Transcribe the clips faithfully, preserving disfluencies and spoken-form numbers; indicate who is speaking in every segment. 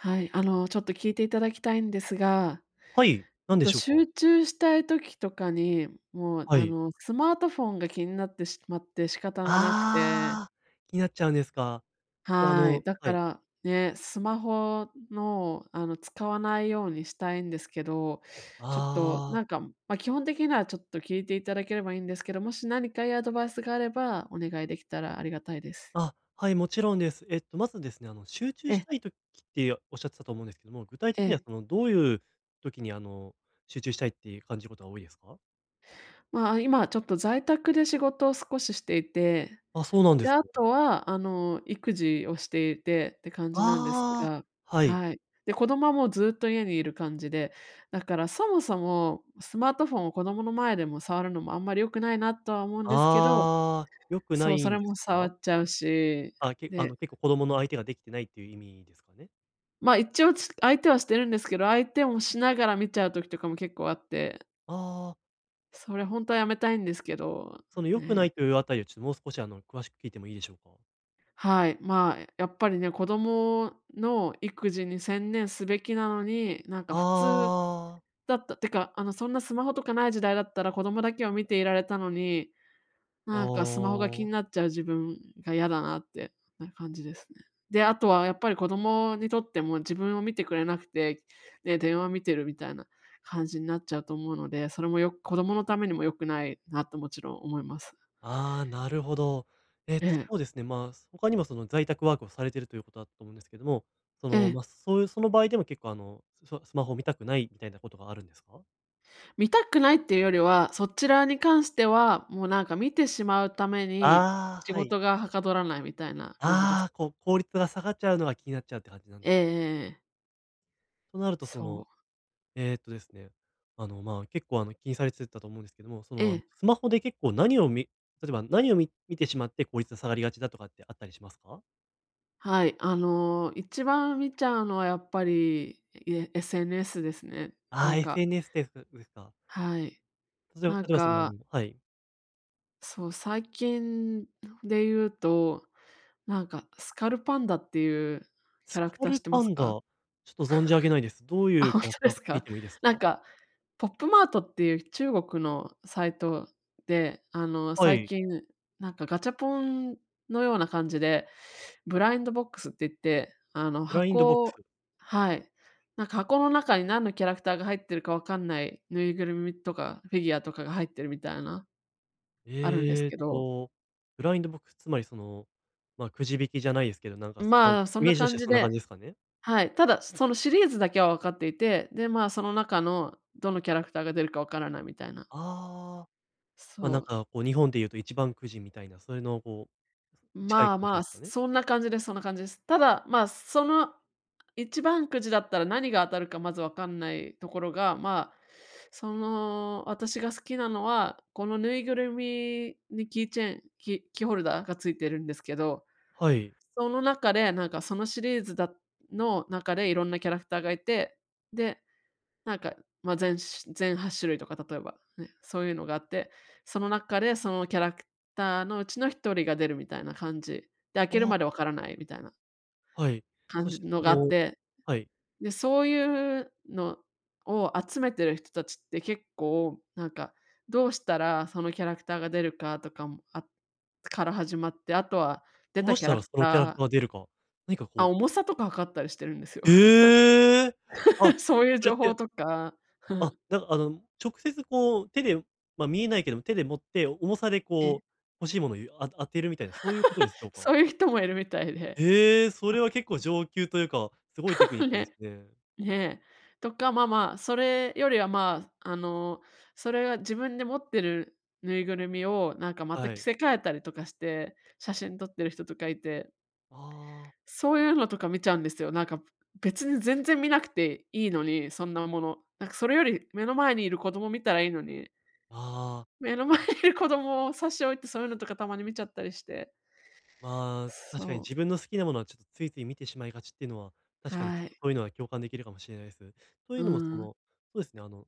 Speaker 1: はい、あの、ちょっと聞いていただきたいんですが、
Speaker 2: はい、な
Speaker 1: あ
Speaker 2: んで
Speaker 1: と
Speaker 2: しょうか？
Speaker 1: 集中したい時とかに、もう、
Speaker 2: は
Speaker 1: あ
Speaker 2: い。
Speaker 1: の、スマートフォンが気になってしまって仕方がなくて。
Speaker 2: ああ、気になっちゃうんですか。あ
Speaker 1: はい。
Speaker 2: の
Speaker 1: だ
Speaker 2: は
Speaker 1: か
Speaker 2: い。
Speaker 1: ら、ね、スマホの、あの、使わないようにしたいんですけど、ちょっと、
Speaker 2: ああ。
Speaker 1: なんか、ま、基本的にはちょっと聞いていただければいいんですけど、もしなにかいいアドバイスがあればお願いできたらありがたいです。
Speaker 2: あ、はい、もちろんです。えっと、まずですね、あの、集中し
Speaker 1: え。
Speaker 2: たい時っておっしゃってたと思うんですけども、具体
Speaker 1: え
Speaker 2: 的には、
Speaker 1: え。
Speaker 2: その、どういう時に、あの、集中したいって感じることが多いですか？
Speaker 1: まあ、あ、今ちょっと在宅で仕事を少ししていて、
Speaker 2: あ、そうなんで
Speaker 1: で、
Speaker 2: すか。
Speaker 1: あとは、あの、育児をしていてって感じなんです
Speaker 2: ああ、
Speaker 1: が、
Speaker 2: はい。
Speaker 1: はい。で、子供はもうずっと家にいる感じで、だからそもそもスマートフォンを子供の前でも触るのもあんまり良くないなとは思うんですけど
Speaker 2: ああ、良くな
Speaker 1: そう、
Speaker 2: い
Speaker 1: そ
Speaker 2: ん
Speaker 1: れ
Speaker 2: で
Speaker 1: も
Speaker 2: す
Speaker 1: 触
Speaker 2: か？
Speaker 1: っちゃうし、
Speaker 2: あ、けあ
Speaker 1: で
Speaker 2: の、結構子供の相手ができてないっていう意味ですかね？
Speaker 1: ま、一応、つ相手はしてるんですけど、相手をしながら見ちゃう時とかも結構あって。
Speaker 2: あ
Speaker 1: それ、ほ
Speaker 2: あ。
Speaker 1: んとはやめたいんですけど、
Speaker 2: その良くな
Speaker 1: ね。
Speaker 2: いというあたりを、ちょもう少し、あの、詳しく聞いてもいいでしょうか？
Speaker 1: はい、まあ、やっぱりね、子供の育児に専念すべきなのに、なんか普通
Speaker 2: ああ。
Speaker 1: だったってか、あの、そんなスマホとかない時代だったら子供だけを見ていられたのに、
Speaker 2: あ
Speaker 1: なんかスマホが気
Speaker 2: あ。
Speaker 1: になっちゃう自分がやだなってな感じですね。で、あとはやっぱり子供にとっても自分を見てくれなくて、で、電話を見てるみたいな感じになっちゃうと思うので、それもよく子供のためにも良くないなと、もちろん思います。
Speaker 2: ああ、なるほど。えっ
Speaker 1: え
Speaker 2: と
Speaker 1: え。
Speaker 2: そうですね、まあ、他にも、その、在宅ワークをされてるということだったと思うんですけども、その、
Speaker 1: ええ。
Speaker 2: ま、そういう、その場合でも結構、あの、スマスマホを見たくないみたいなことがあるんですか？
Speaker 1: 見たくないっていうよりは、そちらに関しては、もう、なんか、見てしまうために
Speaker 2: あ
Speaker 1: 仕
Speaker 2: あ、はい。
Speaker 1: 事がはかどらないみたいな感じです。
Speaker 2: ああ、こう、効率が下がっちゃうのが気になっちゃうって感じなん
Speaker 1: ええ
Speaker 2: です。
Speaker 1: ええええ。
Speaker 2: となると、そ
Speaker 1: そ
Speaker 2: の、
Speaker 1: う。
Speaker 2: ええとですね、あの、まあ、結構、あの、気にされてたと思うんですけども、そ
Speaker 1: え
Speaker 2: の、あの、
Speaker 1: え。
Speaker 2: スマホで結構何をみ例えば何をみ見てしまって、効率が下がりがちだとかってあったりしますか？
Speaker 1: はい、あの、一番見ちゃうのはやっぱり、いえ SNS ですね。
Speaker 2: あ
Speaker 1: な
Speaker 2: あ、
Speaker 1: んか
Speaker 2: SNS ですですか。
Speaker 1: はい、
Speaker 2: 例えば例
Speaker 1: なん
Speaker 2: えば、その、あ
Speaker 1: か
Speaker 2: のはい。
Speaker 1: そう、最近でいうと、なんか、スカルパンダっていうキ
Speaker 2: ス
Speaker 1: ャラ
Speaker 2: カ
Speaker 1: クター知
Speaker 2: ル
Speaker 1: ってま
Speaker 2: パ
Speaker 1: す
Speaker 2: ンダ、ち
Speaker 1: か？
Speaker 2: ょっと存じ上げないです。どう
Speaker 1: あ、
Speaker 2: いう
Speaker 1: ほん
Speaker 2: キャ
Speaker 1: と
Speaker 2: ラク
Speaker 1: で
Speaker 2: ターか
Speaker 1: す
Speaker 2: 聞い
Speaker 1: か？
Speaker 2: てもいいです
Speaker 1: な
Speaker 2: か？
Speaker 1: んか、ポップマートっていう中国のサイトで、あの、
Speaker 2: は
Speaker 1: 最
Speaker 2: い。
Speaker 1: 近、なんか、ガチャポンのような感じで、ブラインドボックスって言って、あの、
Speaker 2: ブラインドボッ
Speaker 1: 箱
Speaker 2: クス。
Speaker 1: をはい、なんか箱の中に何のキャラクターが入ってるかわかんないぬいぐるみとかフィギュアとかが入ってるみたいな、あるんです
Speaker 2: えっ
Speaker 1: けど。
Speaker 2: と、ブラインドボックス、つまり、その、ま、くじ引きじゃないですけど、なんか、そんなイ
Speaker 1: まあ、そん
Speaker 2: メ
Speaker 1: な
Speaker 2: ージとし
Speaker 1: 感
Speaker 2: ては
Speaker 1: じ
Speaker 2: そんな感
Speaker 1: で
Speaker 2: じですかね？
Speaker 1: はい、ただそのシリーズだけはわかっていて、で、まあ、その中のどのキャラクターが出るかわからないみたいな。
Speaker 2: ああ、まあ、
Speaker 1: そ
Speaker 2: なん
Speaker 1: う。
Speaker 2: か、こう、日本で言うと一番くじみたいな、そういうのを、こう、
Speaker 1: ん、
Speaker 2: 近い
Speaker 1: まあ
Speaker 2: 感じ
Speaker 1: ま
Speaker 2: で
Speaker 1: あ、
Speaker 2: すかね？
Speaker 1: そんな感じですそんな感じです。ただ、まあ、その一番くじだったら何が当たるかまず分かんないところが、まあ、その私が好きなのは、このぬいぐるみにキーチェン、きキーホルダーが付いてるんですけど、
Speaker 2: はい。
Speaker 1: その中で、なんか、そのシリーズだの中で色んなキャラクターがいて、で、なんか、ま、全し全はっしゅるいとか、例えば、ね、そういうのがあって、その中でそのキャラクターのうちのひとりが出るみたいな感じ。で、開
Speaker 2: あ
Speaker 1: ける
Speaker 2: あ。
Speaker 1: までわからないみたいな。
Speaker 2: はい。
Speaker 1: 感
Speaker 2: そし
Speaker 1: じ
Speaker 2: て、
Speaker 1: の
Speaker 2: そ
Speaker 1: があっ
Speaker 2: の
Speaker 1: て。
Speaker 2: はい。
Speaker 1: で、そういうのを集めてる人達って、結構、なんか、どうしたらそのキャラクターが出るかとかもあから始まって、後は出
Speaker 2: どう
Speaker 1: た
Speaker 2: し
Speaker 1: キャ
Speaker 2: た
Speaker 1: ラ
Speaker 2: ら
Speaker 1: ク
Speaker 2: そのキャラク
Speaker 1: ター
Speaker 2: ター出るか、何か、こ
Speaker 1: あ、
Speaker 2: う
Speaker 1: 重さとか測ったりしてるんですよ。
Speaker 2: へえ！あ、
Speaker 1: そういう
Speaker 2: それっ
Speaker 1: 情報
Speaker 2: て
Speaker 1: とか
Speaker 2: あ、なんか、あの、直接、こう、手で、ま、見えないけども、手で持って重さで、
Speaker 1: ええ。
Speaker 2: こう、欲しいものをゆあ当てるみたいな、そういうことですしょ うか？
Speaker 1: そういう人もいるみたいで。
Speaker 2: へえ、それは結構上級というか、すごいテクニッ クです
Speaker 1: ね、
Speaker 2: ね。
Speaker 1: ねえ。とか、まあまあ、それよりは、まあ、あの、それが自分で持ってるぬいぐるみを、なんかまた
Speaker 2: は
Speaker 1: 着
Speaker 2: い。
Speaker 1: せ替えたりとかして写真撮ってる人とかいて。
Speaker 2: ああ。
Speaker 1: そういうのとか見ちゃうんですよ。なんか、別に全然見なくていいのに、そんなもの。なんか、それより目の前にいる子供見たらいいのに。
Speaker 2: ああ。
Speaker 1: 目の前にいる子供を差し置いて、そういうのとかたまに見ちゃったりして。
Speaker 2: まあ、確かに
Speaker 1: そう。
Speaker 2: 自分の好きなものは、ちょっとついつい見てしまいがちっていうのは、確かにちょ
Speaker 1: は
Speaker 2: っと
Speaker 1: い。
Speaker 2: そういうのは共感できるかもしれないです。とい
Speaker 1: うー
Speaker 2: うのも、そ
Speaker 1: ん。
Speaker 2: の、そうですね、あの、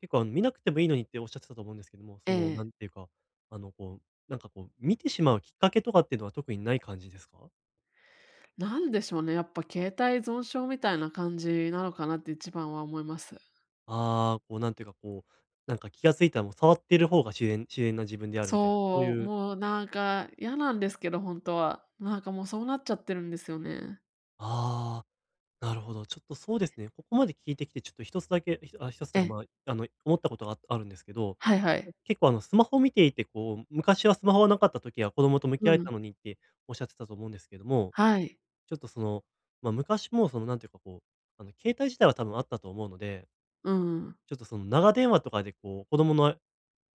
Speaker 2: 結構、あの、見なくてもいいのにっておっしゃってたと思うんですけども、その、
Speaker 1: ええ。
Speaker 2: なんていうか、あの、こう、なんか、こう、見てしまうきっかけとかってのは特にない感じですか？
Speaker 1: なんでしょうね、やっぱ携帯依存症みたいな感じなのかなって一番は思います。
Speaker 2: ああ、こう、なんていうか、こう、なんか気が付いたら、もう触ってる方が自然自然な自分であるみたいな、そう
Speaker 1: そう、
Speaker 2: いう
Speaker 1: もう、なんか、嫌なんですけど、本当は。なんか、もう、そうなっちゃってるんですよね。
Speaker 2: ああ、なるほど。ちょっとそうですね。ここまで聞いてきて、ちょっとひとつだけ、え、ああ、ひとつっ
Speaker 1: え
Speaker 2: てか、
Speaker 1: え。
Speaker 2: まあ、あの、思ったことがああるんですけど、
Speaker 1: はいは
Speaker 2: ん、
Speaker 1: い。
Speaker 2: 結構あの、スマホ見ていて、こう、昔はスマホはなかった時は子供と向き
Speaker 1: う
Speaker 2: 合え
Speaker 1: ん。
Speaker 2: たのにっておっしゃってたと思うんですけども、
Speaker 1: はい。
Speaker 2: ちょっと、その、ま、昔も、その、なんていうか、こう、あの、携帯自体は多分あったと思うので
Speaker 1: うんうん。
Speaker 2: ちょっとその、長電話とかで、こう、子供のえ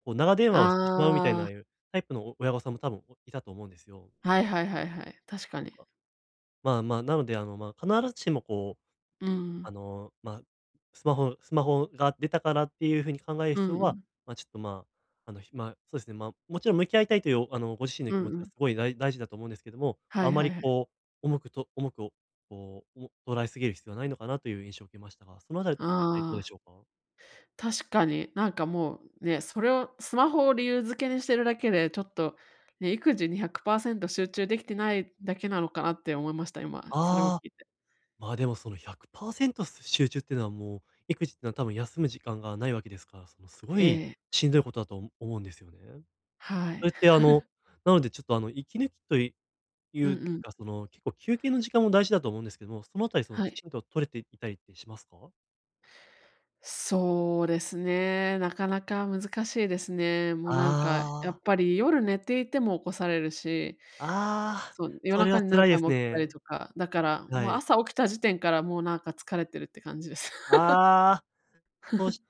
Speaker 2: こう、長電話をしてしまうみたいな、
Speaker 1: あ
Speaker 2: あ
Speaker 1: あ。
Speaker 2: あいうタイプのお親御さんも多分おいたと思うんですよ。
Speaker 1: はいはいはいはい。確か
Speaker 2: と
Speaker 1: に。
Speaker 2: か。まあまあ、なので、あの、ま、必ずしも、こう、
Speaker 1: うー
Speaker 2: あ
Speaker 1: ん。
Speaker 2: の、ま、スマホスマホが出たからっていう風に考える
Speaker 1: う
Speaker 2: 必要
Speaker 1: んう
Speaker 2: は、
Speaker 1: ん。
Speaker 2: ま、ちょっと、まあ、あの、ひまそうですね、ま、もちろん向き合いたいという、あの、ご自身の
Speaker 1: う
Speaker 2: 気
Speaker 1: ん
Speaker 2: 持ち
Speaker 1: う
Speaker 2: は、
Speaker 1: ん。
Speaker 2: すごいだい大事だと思うんですけども、
Speaker 1: は
Speaker 2: ま、あ
Speaker 1: い
Speaker 2: ま
Speaker 1: はい
Speaker 2: り、
Speaker 1: はい。
Speaker 2: こう、重くと重くおこう、を捉えすぎる必要はないのかなという印象を受けましたが、そのあたりあたりどうで
Speaker 1: ああ。
Speaker 2: しょうか。
Speaker 1: 確かに。なんか、もうね、それをスマホを理由づけにしてるだけで、ちょっとね、育児にひゃくパーセント集中できてないだけなのかな、って思いました。今、それを聞
Speaker 2: ああ。
Speaker 1: いて。
Speaker 2: ま、でも、その、ひゃくパーセント集中っていうのはもう、育児ってのは多分休む時間がないわけですから、その、すご
Speaker 1: え
Speaker 2: い
Speaker 1: え。
Speaker 2: しんどいことだとおも思うんですよね。
Speaker 1: は
Speaker 2: そ
Speaker 1: い。
Speaker 2: れって、あの、なのでちょっと、あの、息抜きというい
Speaker 1: うん
Speaker 2: う
Speaker 1: うん。
Speaker 2: が、その、結構休憩の時間も大事だと思うんですけども、そのあたり、その、
Speaker 1: は
Speaker 2: き
Speaker 1: い。
Speaker 2: ちんと取れていたりってしますか？
Speaker 1: そうですね、なかなか難しいですね。もう、なんか、やっ
Speaker 2: ああ。
Speaker 1: ぱり夜寝ていても起こされるし
Speaker 2: ああ、
Speaker 1: そう、夜
Speaker 2: それは
Speaker 1: 中に何
Speaker 2: 辛いで
Speaker 1: 回
Speaker 2: す
Speaker 1: も起きたり
Speaker 2: ね。
Speaker 1: とか、だから
Speaker 2: は
Speaker 1: もう
Speaker 2: い。
Speaker 1: 朝起きた時点から、もう、なんか疲れてるって感じです。
Speaker 2: ああ、と し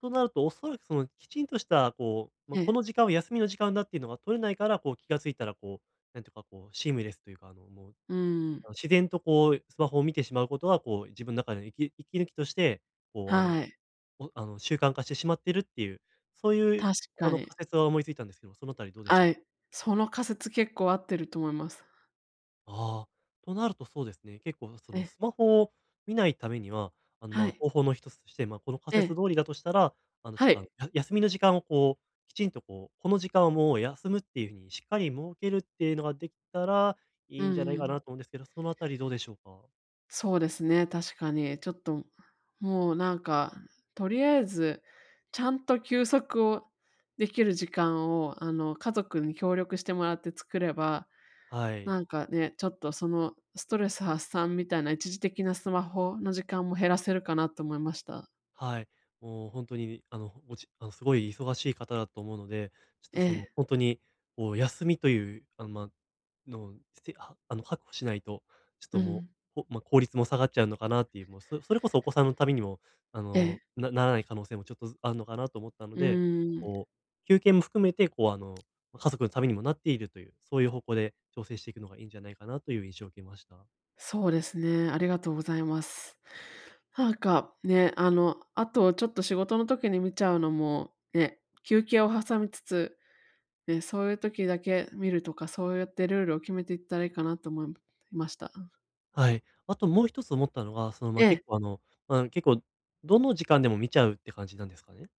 Speaker 2: となると、おそらく、その、きちんとした、こう、ま、
Speaker 1: ええ。
Speaker 2: この時間は休みの時間だっていうのが取れないから、こう、気が付いたら、こう、なんていうか、こう、シームレスというか、あの、もう
Speaker 1: うーん。
Speaker 2: あの、自然とこうスマホを見てしまうことは、こう、自分の中で息息抜きとして、こう、あの、
Speaker 1: はい。
Speaker 2: おあの、習慣化してしまってるっていう、そういう、
Speaker 1: 確
Speaker 2: あ
Speaker 1: か
Speaker 2: の、
Speaker 1: に。
Speaker 2: 仮説は思いついたんですけど、その辺りどうでし
Speaker 1: あ
Speaker 2: ょう？
Speaker 1: い、その仮説結構合ってると思います。
Speaker 2: ああ。となると、そうですね。結構、その、
Speaker 1: え。
Speaker 2: スマホを見ないためには、あの、ま
Speaker 1: は
Speaker 2: あ、
Speaker 1: い。
Speaker 2: 方法の一つとして、ま、この仮
Speaker 1: え
Speaker 2: 説
Speaker 1: え。
Speaker 2: 通りだとしたら、あの、ちょ
Speaker 1: は
Speaker 2: っと、あ
Speaker 1: い。
Speaker 2: の、や休みの時間をこう、きちんとこう、この時間はもう休むっていう風にしっかり設けるっていうのができたら、い
Speaker 1: うん
Speaker 2: いんじゃな
Speaker 1: うん
Speaker 2: い
Speaker 1: う
Speaker 2: か
Speaker 1: ん。
Speaker 2: なと思うんですけど、そのあたりどうでしょうか？
Speaker 1: そうですね、確かに。ちょっと、もう、なんか、とりあえずちゃんと休息をできる時間を、あの、家族に協力してもらって作れば、
Speaker 2: はい。
Speaker 1: なんかね、ちょっとそのストレス発散みたいな一時的なスマホの時間も減らせるかなっと思いました。
Speaker 2: はい。もうほんとに、あの、ほおちあの、すごい忙しい方だと思うので、ちょっと、その、
Speaker 1: ええ
Speaker 2: ほんとに、お休みという、あの、まのすては、あの、はくほしないと、ちょっ
Speaker 1: う
Speaker 2: とも
Speaker 1: ん。
Speaker 2: う、おま、効率も下がっちゃうのかなっていう、もう、そそれこそお子さんのためにも、あ
Speaker 1: え
Speaker 2: の、
Speaker 1: え。
Speaker 2: なならない可能性もちょっとずあんのかなと思ったの
Speaker 1: う
Speaker 2: で、
Speaker 1: ーん。
Speaker 2: こう、休憩も含めて、こう、あの、ま、家族のためにもなっているという、そういう方向で調整していくのがいいんじゃないかなという印象を受けました。
Speaker 1: そうですね、ありがとうございます。はか、ね、あの、あと、ちょっと仕事の時に見ちゃうのもね、休憩を挟みつつね、そういう時だけ見るとか、そうやってルールを決めていったらいいかなと思いました。うん。
Speaker 2: はい。あともう一つ思ったのが、その、
Speaker 1: え
Speaker 2: ま、
Speaker 1: え。
Speaker 2: 結構、あの、まあ、結構どの時間でも見ちゃうって感じなんですかね？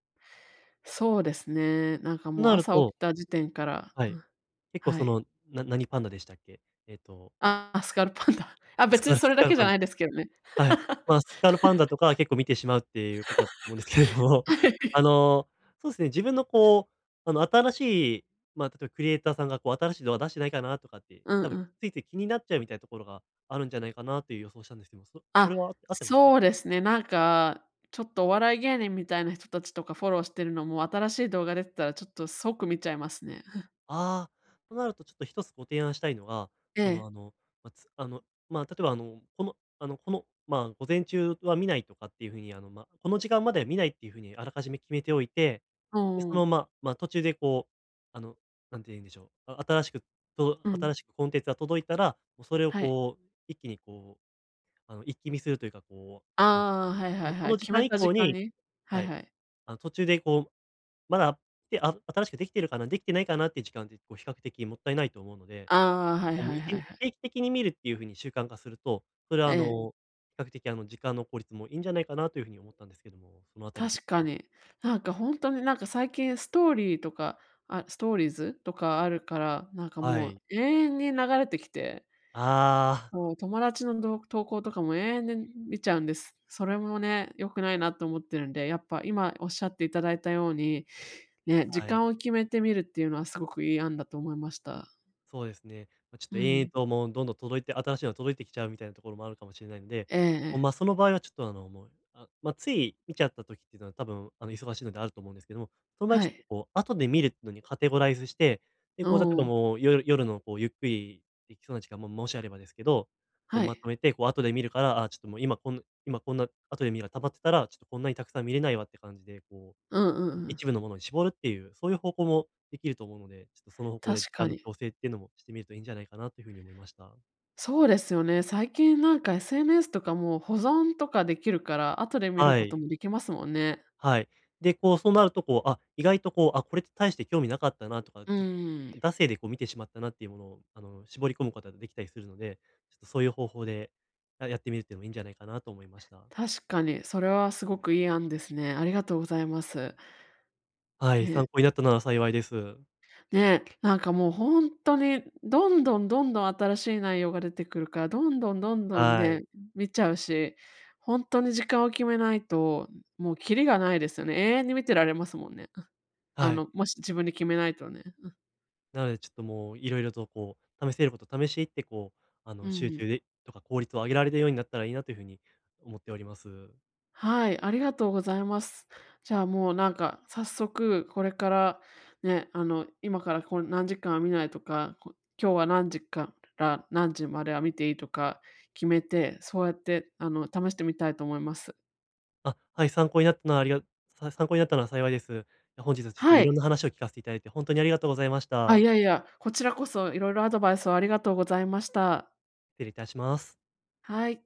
Speaker 1: そうですね、なんか
Speaker 2: と
Speaker 1: もう
Speaker 2: なる
Speaker 1: 朝
Speaker 2: と
Speaker 1: 起きた時点から
Speaker 2: は
Speaker 1: う
Speaker 2: い。
Speaker 1: ん、
Speaker 2: 結構
Speaker 1: は
Speaker 2: そ
Speaker 1: い。
Speaker 2: の、な何パンダでしたっけ、えっと
Speaker 1: ああ、スカルパンダ。あ、
Speaker 2: ス
Speaker 1: 別に
Speaker 2: カル
Speaker 1: そ
Speaker 2: ス
Speaker 1: れだ
Speaker 2: カル
Speaker 1: けじ
Speaker 2: パ
Speaker 1: ゃ
Speaker 2: ン
Speaker 1: ないですけどね。
Speaker 2: ダ。はい。ま、スカルパンダ とかは結構見てしまうっていうことだと思うんですけれど も、
Speaker 1: は
Speaker 2: あ
Speaker 1: い。
Speaker 2: の、そうすね、自分の、こう、あの、新しい、まあ、例えばクリエイターさんが、こう、新しい動画出してないかなとかって、
Speaker 1: うん
Speaker 2: 多
Speaker 1: う
Speaker 2: 分
Speaker 1: ん。
Speaker 2: ついつい気になっちゃうみたいところがあるんじゃないかなっていう予想したんですけども、そ、これ
Speaker 1: あ、
Speaker 2: は合ってますかね。
Speaker 1: そうですね。なんか、ちょっとお笑い芸人みたいな人たちとかフォローしてるのも、新しい動画出てたらちょっと即見ちゃいますね。
Speaker 2: ああ、となると、ちょっと一つご提案したいのが、
Speaker 1: え
Speaker 2: そ
Speaker 1: え。
Speaker 2: の、あの、ま、つあの、まあ、例えば、あの、この、あの、この、まあ、午前中は見ないとかっていう風に、あの、ま、この時間までは見ないっていう風にあらかじめ決めておいて、
Speaker 1: お
Speaker 2: で、そ
Speaker 1: お
Speaker 2: の、
Speaker 1: お。
Speaker 2: まま、途中で、こう、あの、何て言うんでしょう、あ新しく届
Speaker 1: うん。
Speaker 2: 新しくコンテンツが届いたら、も、それを、
Speaker 1: はい。
Speaker 2: こう、一気に、こう、あの、一気見するというか、こう、あの、
Speaker 1: ああ、はいは
Speaker 2: も
Speaker 1: い
Speaker 2: うこ
Speaker 1: はい、
Speaker 2: の時
Speaker 1: 決め
Speaker 2: 間以
Speaker 1: た時
Speaker 2: 降
Speaker 1: 間
Speaker 2: に
Speaker 1: に。は
Speaker 2: は
Speaker 1: い
Speaker 2: い、
Speaker 1: はい。
Speaker 2: あの、途中で、こう、まだ、てあ新しくできてるかな、できてないかなって時間って、こ、比較的もったいないと思うので、
Speaker 1: ああ、はい
Speaker 2: おも、
Speaker 1: はい
Speaker 2: い
Speaker 1: は
Speaker 2: ちん
Speaker 1: いはい。
Speaker 2: 定期的に見るっていう風に習慣化すると、それは、
Speaker 1: え
Speaker 2: あ
Speaker 1: え。
Speaker 2: の、比較的、あの、時間の効率もいいんじゃないかなという風に思ったんですけども、そのあたりどうで
Speaker 1: 確か
Speaker 2: しょう。
Speaker 1: に。なんか、ほんとに、なんか、最近ストーリーとかあ、ストーリーズとかあるから、なんか、
Speaker 2: は
Speaker 1: も
Speaker 2: い。
Speaker 1: う永遠に流れてきて。
Speaker 2: ああ。
Speaker 1: もう、友達の動画投稿とかも永遠で見ちゃうんです。それもね、良くないなと思ってるんで、やっぱ今おっしゃっていただいたように、ね、時
Speaker 2: はい。
Speaker 1: 間を決めてみるっていうのはすごくいい案だと思いました。
Speaker 2: そうですね。ま、ちょっ
Speaker 1: う
Speaker 2: と延々
Speaker 1: ん。
Speaker 2: ともう、どんどん届いて新しいのが届いてきちゃうみたいなところもあるかもしれないんで、
Speaker 1: ええ
Speaker 2: こう、
Speaker 1: ええ。
Speaker 2: ま、その場合はちょっと、あの、もうあ、ま、つい見ちゃった時ってのは多分、あの、忙しいのであると思うんですけども、その場合
Speaker 1: は
Speaker 2: ちょっと、
Speaker 1: い。
Speaker 2: こう、後で見るってのにカテゴライズして、
Speaker 1: ん、
Speaker 2: で、こう、例え
Speaker 1: お
Speaker 2: ば
Speaker 1: お。
Speaker 2: もう夜夜の、こう、ゆっくりできそうな時間も、もしあればですけど、こう、
Speaker 1: は
Speaker 2: ま
Speaker 1: い。
Speaker 2: とめて、こう、後で見るから、ああ、ちょっともう今こぬ今こんな後で見るが溜まってたら、ちょっとこんなにたくさん見れないわって感じで、こ
Speaker 1: うんうんう
Speaker 2: う、
Speaker 1: ん。
Speaker 2: 一部のものに絞るっていう、そういう方向もできると思うので、ちょっとその方向で、
Speaker 1: 確
Speaker 2: あ
Speaker 1: か
Speaker 2: の、
Speaker 1: に。
Speaker 2: 調整っていうのもしてみるといいんじゃないかなという風に思いました。
Speaker 1: そうですよね。最近なんか SNS とかも保存とかできるから、後で見る
Speaker 2: は
Speaker 1: こと
Speaker 2: い。
Speaker 1: もできますもんね。
Speaker 2: はい。で、こう、そうなると、こう、あ、意外と、こう、あ、これって大して興味なかったなとか、
Speaker 1: うん
Speaker 2: ちょっ
Speaker 1: う
Speaker 2: と、
Speaker 1: ん。
Speaker 2: 惰性でこう見てしまったなっていうものを、あの、絞り込むことができたりするので、ちょっとそういう方法でややってみるってのもいいんじゃないかなと思いました。
Speaker 1: 確かに、それはすごくいい案ですね。ありがとうございます。
Speaker 2: はい、
Speaker 1: ええ。
Speaker 2: 参考になったなら幸いです。
Speaker 1: ね、なんかもうほんっとに、どんどん、どんどん新しい内容が出てくるから、どんどん、どんどん
Speaker 2: はい。
Speaker 1: ね、見ちゃうし、ほんとに時間を決めないと、もうきりがないですよね。永遠に見てられますもんね。あ。あ
Speaker 2: はい。
Speaker 1: のもし自分で決めないとね。うん。
Speaker 2: なので、ちょっともう色々と、こう、試せること試しいって、こう、あ
Speaker 1: う
Speaker 2: の、
Speaker 1: ん
Speaker 2: 集
Speaker 1: うん。
Speaker 2: 中で、とか効率を上げられるようになったらいいなというふうに思っております。
Speaker 1: はい、ありがとうございます。じゃあ、もう、なんか、早速これからね、あの、今から、こう、何時間は見ないとか、こう、今日は何時から何時までは見ていいとか決めて、そうやって、あの、試してみたいと思います。
Speaker 2: あ、はい、参考になったのは、ありがさ参考になったなら幸いです。え、本日はちょっと
Speaker 1: は
Speaker 2: いろん
Speaker 1: い。
Speaker 2: な話を聞かせていただいて、ほんとにありがとうございまし
Speaker 1: あ、
Speaker 2: た。
Speaker 1: いやいや、こちらこそ色々アドバイスをありがとうございました。
Speaker 2: 失礼いたします。
Speaker 1: はい。